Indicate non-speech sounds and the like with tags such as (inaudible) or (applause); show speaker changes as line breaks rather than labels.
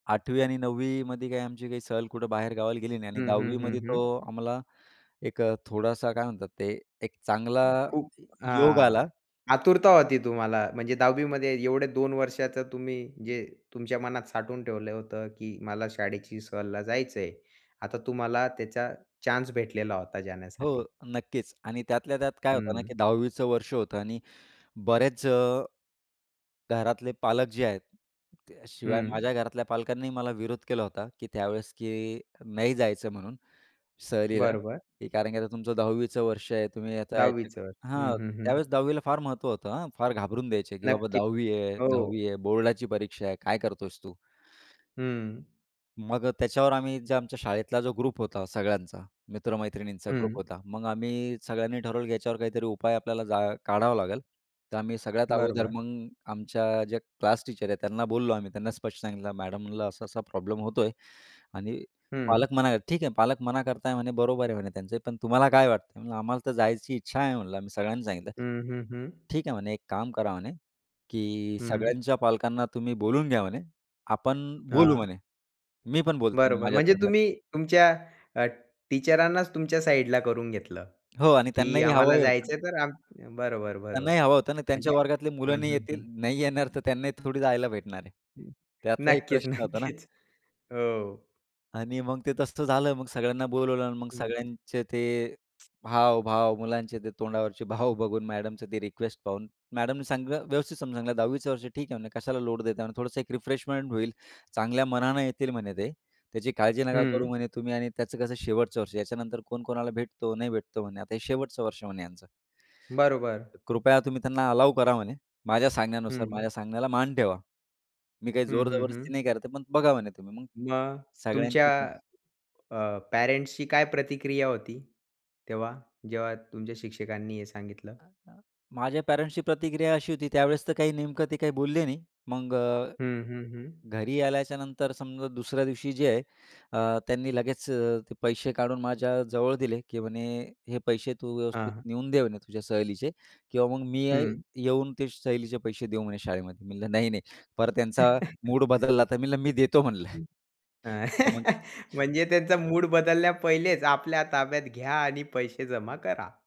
8वी आणि 9वी मध्ये काही आमची काही सहल कुठं बाहेर गावाला गेली नाही, आणि
हं,
10वी
हं, हं,
मध्ये तो
हं.
आम्हाला एक अ, थोडासा काय म्हणतात ते, एक चांगला
खूप
योग
हां.
आला.
आतुरता होती तुम्हाला, म्हणजे 10वी मध्ये एवढे 2 वर्षाचं तुम्ही जे, तुमच्या मनात साठवून ठेवलं होतं, की मला शाळेची सहलीला जायचं आहे. आता तुम्हाला त्याचा चान्स भेटलेला होता
हो,
जाण्यासाठी.
नक्कीच. आणि त्यातल्या त्यात काय होतं ना,
हं.
की 10वीचं वर्ष होतं आणि बरेच अ, घरातले पालक जे आहेत त्या शिवाय
हं.
माझ्या घरातल्या पालकांनी मला विरोध केला होता, की त्यावेळेस की नाही जायचं म्हणून सहलीला,
बरोबर.
की कारण की आता तुमचं 10वीचं वर्ष आहे. तुम्ही आता याच्यात
10वीचं हं,
हां,
हं, हं.
त्यावेळेस 10वी ला फार महत्त्व होतं, हां. फार घाबरून द्यायचे की "बाबा,
नक्की.
'10वी आहे
हो.
10वी आहे', 'बोर्डाची परीक्षा आहे', काय करतो आहेस तू"?
हं.
मग अ, त्याच्यावर आम्ही जे आमच्या शाळेतला जो ग्रुप होता सगळ्यांचा. मित्र-मैत्रिणींचा ग्रुप
हं.
होता. मग आम्ही सगळ्यांनी ठरवलं याच्यावर काहीतरी उपाय आपल्याला जा काढावं लागेल. तर आम्ही सगळ्यात अगोदर
बरोबर.
मग, आमच्या जे क्लास टीचर आहे, त्यांना बोललो आम्ही. त्यांना स्पष्ट सांगितलं, मॅडम म्हणलं असा-असा प्रॉब्लेम होतोय आणि
हं.
पालक मना आहे. ठीक आहे पालक मना करता आहे, म्हणे बरोबर आहे म्हणे त्यांचे, पण तुम्हाला काय वाटतं? "आम्हाला तर जायची इच्छा आहे म्हणलं", आम्ही सगळ्यांनी सांगितलं.
हं, हं, हं.
ठीक आहे म्हणे, एक काम करा म्हणे, की
हं.
सगळ्यांच्या पालकांना तुम्ही बोलून घ्या म्हणे. आपण बोलू
हां.
म्हणे. "मी पण बोलते आणि
बरोबर. म्हणजे
माझ्यातर्फे".
तुम्ही तुमच्या अ, टीचरांनाच तुमच्या साइडला करून घेतलं,
हो आणि
की
त्यांनाही
आम्हाला
हवंही होतं
जायचं
ना.
आहे तर आम बरोबर-बरोबर.
त्यांनाही हवं होतं ना आणि त्यांच्या
म्हणजे
वर्गातली मुलं
हं,
नाही
हं,
येतील,
हं.
नाही येणार, तर त्यांना थोडी जायला भेटणार आहे. त्यातला एक
नक्कीच,
प्रश्न होता ना.
नक्कीच. हो.
आणि मग ते तसं झालं. मग सगळ्यांना बोलवलं आणि मग
हं.
सगळ्यांचे ते हाव, भाव मुलांचे ते, तोंडावरचे भाव बघून, मॅडमचे ते रिक्वेस्ट पाहून. मॅडमनी सगळ व्यवस्थित समजवलं. 10वीचं वर्ष ठीक आहे म्हणे, कशाला लोड देता म्हणे, थोडंसं एक रिफ्रेशमेंट होईल. चांगल्या मनाने येतील म्हणे ते. त्याची काळजी नका करू
हं.
म्हणे तुम्ही आणि त्याचं कसं शेवटचं वर्ष. याच्यानंतर कोण कोणाला भेटतो, नाही भेटतो म्हणे. आता हे शेवटचं वर्ष म्हणे यांचं.
बरोबर.
तर कृपया तुम्ही त्यांना अलाऊ करा म्हणे. माझ्या सांगण्यानुसार, माझ्या
हं.
सांगण्याला मान ठेवा. मी काही
हं,
जोर
हं,
जबरदस्ती
हं.
नाही करत, पण बघा म्हणे तुम्ही मग
मग तुमच्या
सगळ्यांचीच
अ, पॅरेंट्सची काय प्रतिक्रिया होती तेव्हा, जेव्हा तुमच्या शिक्षकांनी हे सांगितलं?
माझ्या पॅरेंट्सची प्रतिक्रिया अशी होती त्यावेळेस, तर काही नेमकं ते काही बोलले नाही. मग अ,
हं, हं, हं.
घरी आल्याच्यानंतर समजा दुसऱ्या दिवशी जे आहे, अ, त्यांनी लगेच अ, ते पैसे काढून माझ्याजवळ दिले, की म्हणे हे पैसे तू
हां,
व्यवस्थित
हां.
नेऊन दे म्हणे तुझ्या सहलीचे किंवा मग मी येई
हं.
येऊन ते सहलीचे पैसे देऊ म्हणे शाळेमध्ये. मी म्हटलं नाही-नाही परत त्यांचा
(chuckles)
मूड बदलला तर, मी म्हटलं, मी देतो म्हणलं.
(laughs)
(chuckles) तर मग
म्हणजे त्यांचा मूड बदलल्या पहिलेच, आपल्या ताब्यात घ्या आणि पैसे जमा करा.